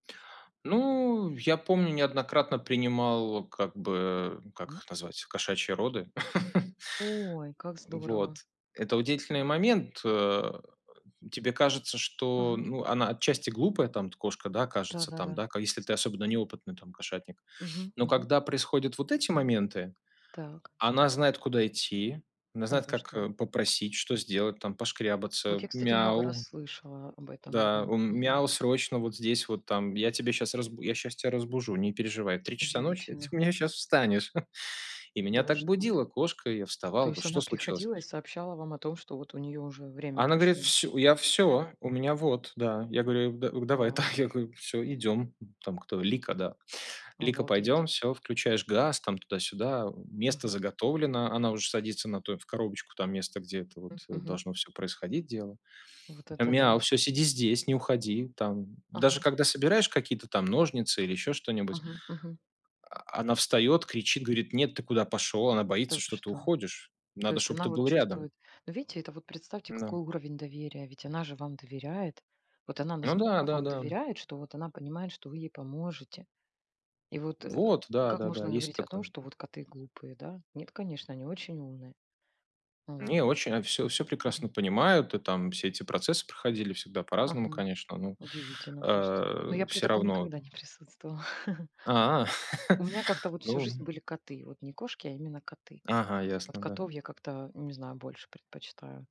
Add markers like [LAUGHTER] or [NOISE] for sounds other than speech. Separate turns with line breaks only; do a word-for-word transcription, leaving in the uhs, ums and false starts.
Ну, я помню, неоднократно принимал как бы как
М.
их назвать кошачьи роды. [LAUGHS]
Ой, как
Вот,
здорово.
это удивительный момент. Э. Тебе кажется, что
Ага.
ну она отчасти глупая там от кошка, да, кажется, там
Да-да-да.
да ка если ты особенно неопытный там кошатник.
Мгм,
Но
мгм.
когда происходят вот эти моменты,
Так.
она знает, куда идти, она
Да
знает,
вы
как,
что?
э, попросить, что сделать, там
Вот я,
пошкрябаться.
кстати, много раз
Мяу.
слышала об этом, да.
Да, у
Мгм.
мяу, срочно вот здесь вот там, я тебе щас разбу я щас тя разбужу, не переживай, я в три часа ночи ты
Удивительно.
у меня щас встанешь. [CHUCKLES] И
Да
меня
вы
так
что?
будила кошка, и я
То
вставал, да
есть она
что случилось?
приходила и сообщала вам о том, что вот у неё уже время
Она говорит,
пришло?
всю я всё у меня вот. Да. Я говорю, а г да, давай, да
Вау.
я говорю, всё, идем. М. Там кто, Лика, да, Лика,
Обалдеть.
пойдем, всё, включаешь газ, там туда-сюда, э, место
Мгм.
заготовлено. Она уже садится на то в коробочку, там место, где это вот,
М,
э,
мгм.
должно всё происходить дело.
Вот это
Мяу.
да.
Всё, сиди здесь, не уходи. Там. Даже
Ага.
когда собираешь какие-то там ножницы или еще что-нибудь
Ага, мгм.
а, она встает, кричит, говорит, нет, ты куда пошел? Она
Та вы
боится, что ты
что.
уходишь.
То
Надо,
есть
чтоб
она
ты
вот
был рядом.
чувствует. Ну видите, это вот представьте
Ну.
какой уровень доверия, ведь она же вам доверяет, вот она
Ну да
настолько вам
да-да.
доверяет, что вот она понимает, что вы ей поможете. И вот, э,
Вот, да
как
да-да,
можно
есть
говорить о том,
такое.
что вот коты глупые, да? Нет, конечно, они очень умные. Вот
Не, очень от всё всё
мгм, мгм.
прекрасно понимают. И там. Все эти процессы проходили всегда по-разному,
Ага,
конечно, но,
удивительно просто. Но
а,
я при
всё
таком
равно
никогда не присутствовала. [CHUCKLES]
А,
У
[LAUGHS]
меня как-то вот всю жизнь
ну
были коты, вот не кошки, а именно коты.
Ага,
Вот
ясно, да.
котов я как-то, не знаю, больше предпочитаю.